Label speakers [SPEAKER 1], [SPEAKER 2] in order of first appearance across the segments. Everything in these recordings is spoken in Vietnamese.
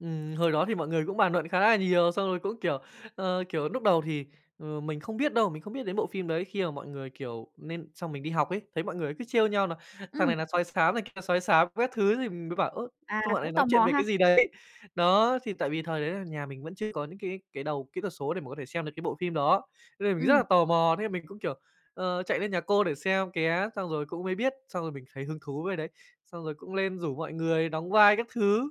[SPEAKER 1] Ừm, hồi đó thì mọi người cũng bàn luận khá là nhiều, xong rồi cũng, kiểu, ờ, kiểu, núc đầu thì, ờ, mình không biết đâu, mình không biết đến bộ phim đấy khi mà mọi người, kiểu nên xong mình đi học ấy, thấy mọi người cứ trêu nhau nà "Thằng
[SPEAKER 2] Ừm.
[SPEAKER 1] này là sói xám, thằng kia là sói xám", các thứ thì mình mới bảo: "Ơ,
[SPEAKER 2] À,
[SPEAKER 1] sao bọn
[SPEAKER 2] cũng
[SPEAKER 1] này
[SPEAKER 2] tò
[SPEAKER 1] nói chuyện
[SPEAKER 2] mò
[SPEAKER 1] về
[SPEAKER 2] ha?
[SPEAKER 1] cái gì đấy." Đó, thì tại vì thời đấy nà nhà mình vẫn chưa có những cái cái đầu kỹ thuật số để mình có thể xem được cái bộ phim đó. Thế nên mình rất
[SPEAKER 2] Ừm.
[SPEAKER 1] là tò mò, thế là mình cũng, kiểu, ờ, chạy lên nhà cô để xem ké xong rồi cũng mới biết, xong rồi mình thấy hứng thú với cái đấy, xong rồi cũng lên rủ mọi người đóng vai các thứ.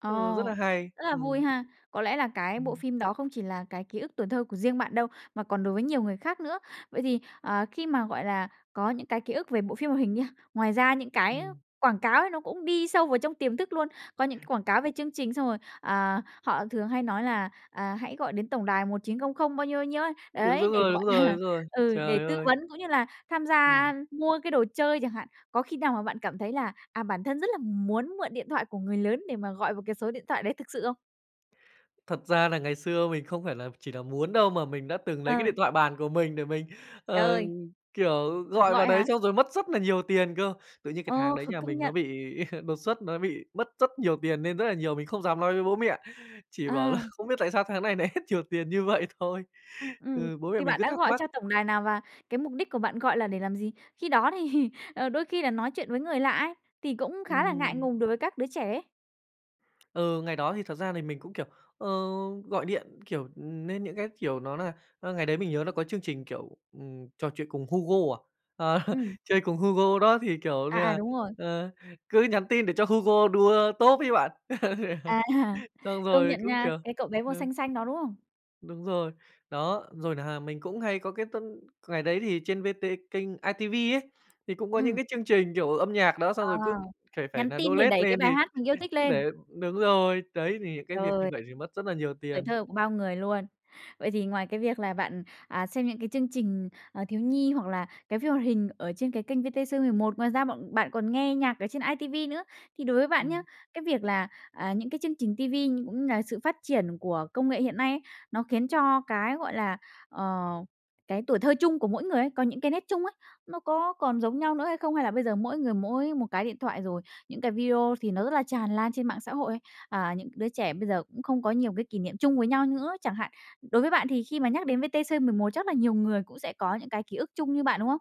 [SPEAKER 2] Ồ!
[SPEAKER 1] Ừ, rất là hay!
[SPEAKER 2] Rất là vui
[SPEAKER 1] Ừm.
[SPEAKER 2] ha! Có lẽ là cái bộ
[SPEAKER 1] Ừm.
[SPEAKER 2] phim đó không chỉ là cái ký ức tuổi thơ của riêng bạn đâu, mà còn đối với nhiều người khác nữa. Vậy thì, ờ, khi mà, gọi là, có những cái ký ức về bộ phim hoạt hình nha, ngoài ra những cái, ơ,
[SPEAKER 1] Ừm.
[SPEAKER 2] quảng cáo ấy nó cũng đi sâu vào trong tiềm thức luôn. Có những cái quảng cáo về chương trình, xong rồi, ờ, họ thường hay nói là, à, "Hãy gọi đến tổng đài 1900" bao nhiêu, bao nhiêu ấy.
[SPEAKER 1] Đúng,
[SPEAKER 2] Đấy,
[SPEAKER 1] đúng
[SPEAKER 2] để,
[SPEAKER 1] rồi,
[SPEAKER 2] gọi
[SPEAKER 1] đúng rồi,
[SPEAKER 2] là,
[SPEAKER 1] đúng rồi.
[SPEAKER 2] ừ, để
[SPEAKER 1] Trời
[SPEAKER 2] tư
[SPEAKER 1] ơi!
[SPEAKER 2] vấn cũng như là tham gia, a,
[SPEAKER 1] Ừm.
[SPEAKER 2] mua cái đồ chơi chẳng hạn. Có khi nào mà bạn cảm thấy là, à, bản thân rất là muốn mượn điện thoại của người lớn để mà gọi vào cái số điện thoại đấy thực sự không?
[SPEAKER 1] Thật ra là ngày xưa mình không phải là chỉ là muốn đâu mà mình đã từng lấy cái
[SPEAKER 2] Ờ.
[SPEAKER 1] điện thoại bàn của mình để mình, ờ,
[SPEAKER 2] Trời!
[SPEAKER 1] kiểu,
[SPEAKER 2] Thử
[SPEAKER 1] gọi vào
[SPEAKER 2] gọi
[SPEAKER 1] đấy
[SPEAKER 2] hả?
[SPEAKER 1] xong rồi mất rất là nhiều tiền cơ, tự nhiên cái tháng
[SPEAKER 2] Ờ,
[SPEAKER 1] đấy
[SPEAKER 2] ph
[SPEAKER 1] nhà
[SPEAKER 2] công
[SPEAKER 1] mình nó
[SPEAKER 2] nhận.
[SPEAKER 1] bị đột xuất, nó bị mất rất nhiều tiền, nên rất là nhiều mình không dám nói với bố mẹ, chỉ bảo là
[SPEAKER 2] À!
[SPEAKER 1] "Không biết tại sao tháng này nại hết nhiều tiền", như vậy thôi.
[SPEAKER 2] Ừm,
[SPEAKER 1] Ừ, bố mẹ
[SPEAKER 2] thì
[SPEAKER 1] mình
[SPEAKER 2] bạn
[SPEAKER 1] cứ
[SPEAKER 2] đã
[SPEAKER 1] thắc
[SPEAKER 2] gọi
[SPEAKER 1] mắc.
[SPEAKER 2] cho tổng đài nào và cái mục đích của bạn gọi là để làm gì? Khi đó thì, ờ, đôi khi là nói chuyện với người lạ ấy, thì cũng khá là ngại
[SPEAKER 1] Ừm.
[SPEAKER 2] ngùng đối với các đứa trẻ ấy.
[SPEAKER 1] Ừ, ngày đó thì thật ra thì mình cũng, kiểu, ờ, gọi điện, kiểu, ừm, nên những cái, kiểu, nó là ơ, ngày đấy mình nhớ nó có chương trình, kiểu, ừm, trò chuyện cùng Hugo à? Ờ,
[SPEAKER 2] Ừm.
[SPEAKER 1] chơi cùng Hugo đó thì, kiểu như
[SPEAKER 2] À, à,
[SPEAKER 1] nà,
[SPEAKER 2] đúng rồi.
[SPEAKER 1] ờ, cứ nhắn tin để cho Hugo đua top ấy bạn.
[SPEAKER 2] À ha!
[SPEAKER 1] Xong
[SPEAKER 2] Công
[SPEAKER 1] rồi
[SPEAKER 2] nhận
[SPEAKER 1] cũng,
[SPEAKER 2] nha,
[SPEAKER 1] kiểu
[SPEAKER 2] cái cậu bé màu
[SPEAKER 1] ừ.
[SPEAKER 2] xanh xanh đó, đúng không?
[SPEAKER 1] Đúng rồi. Đó, rồi nà mình cũng hay có cái t ngày đấy thì trên VT kênh iTV ấy, thì cũng có những
[SPEAKER 2] Ừm.
[SPEAKER 1] cái chương trình, kiểu, âm nhạc đó
[SPEAKER 2] Ờ,
[SPEAKER 1] xong rồi cứ phải phải
[SPEAKER 2] nhắn
[SPEAKER 1] nà
[SPEAKER 2] tin
[SPEAKER 1] đô
[SPEAKER 2] để
[SPEAKER 1] lét
[SPEAKER 2] đẩy cái
[SPEAKER 1] lên
[SPEAKER 2] bài
[SPEAKER 1] thì
[SPEAKER 2] hát mình yêu thích
[SPEAKER 1] cứ
[SPEAKER 2] lên.
[SPEAKER 1] để đúng rồi, đấy, thì những cái việc như
[SPEAKER 2] Trời!
[SPEAKER 1] vậy thì mất rất là nhiều
[SPEAKER 2] Tuổi
[SPEAKER 1] tiền.
[SPEAKER 2] thơ của bao người luôn. Vậy thì ngoài cái việc là bạn, à, xem những cái chương trình, à, thiếu nhi hoặc là cái phim hoạt hình ở trên cái kênh VTC11, ngoài ra bọn bạn còn nghe nhạc ở trên iTV nữa. Thì đối với bạn nhá,
[SPEAKER 1] Ừm.
[SPEAKER 2] cái việc là, à, những cái chương trình ti vi, cũng là sự phát triển của công nghệ hiện nay ấy, nó khiến cho cái, gọi là, ờ, cái tuổi thơ chung của mỗi người ấy, có những cái nét chung ấy, nó có còn giống nhau nữa hay không? Hay là bây giờ mỗi người mỗi một cái điện thoại rồi, những cái video thì nó rất là tràn lan trên mạng xã hội ấy, à, những cái đứa trẻ bây giờ cũng không có nhiều cái kỷ niệm chung với nhau nữa, chẳng hạn. Đối với bạn thì khi mà nhắc đến VTC11 chắc là nhiều người cũng sẽ có những cái ký ức chung như bạn, đúng không?